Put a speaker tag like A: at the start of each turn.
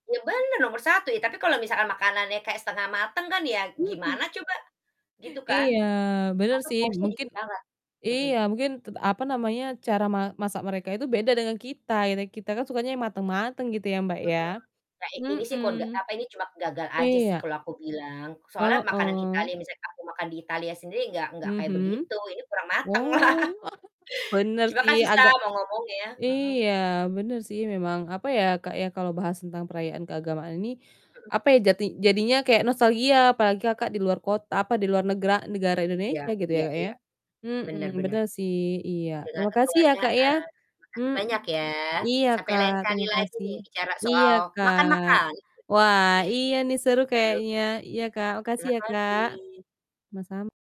A: Ya benar, nomor 1. Ya, tapi kalau misalkan makanannya kayak setengah mateng kan ya,
B: Mhm.
A: gimana coba, gitu kan.
B: Iya, benar
A: Atau
B: sih,
A: porsinya
B: mungkin
A: dikit banget, mhm.
B: iya, mungkin ted apa namanya, cara ma masak mereka itu beda dengan kita, ya kita kan, sukanya yang matang-matang gitu ya, Mbak.
A: Mhm, nah i ini sih
B: Mhm,
A: kok ga ini cuma gagal aja sih
B: iya.
A: kalau aku bilang, soalnya makanan
B: Heeh.
A: Italia misalnya aku makan di Italia sendiri, nggak nggak kayak
B: Mhm,
A: begitu, ini kurang mateng lah.
B: wow! Benar
A: Cuma
B: sih,
A: kan susah,
B: agak
A: mau ngomongnya, mhm.
B: iya, benar sih memang apa ya, Kak, ya, kalau bahas tentang perayaan keagamaan ini,
A: Mhm.
B: apa ya, jati jadinya kayak nostalgia, apalagi Kakak di luar kot apa di luar negra negara
A: Iya
B: Indonesia gitu ya,
A: iya
B: Kak ya.
A: iya.
B: Mhm,
A: Benar benar.
B: benar sih, iya,
A: Dengan
B: terima kasih ya, Kak, ya.
A: kekeluargaan. Makasih
B: Mhm,
A: banyak ya,
B: iya
A: sampai
B: Kak,
A: lain kali
B: terima
A: lagi
B: kasih,
A: nih, bicara
B: iya
A: soal
B: Kak.
A: makan-makan.
B: Wah iya nih,
A: Ih
B: seru
A: seru.
B: kayaknya, iya Kak, makasih
A: Terima
B: ya Kak.
A: kasih.
B: Sama-sam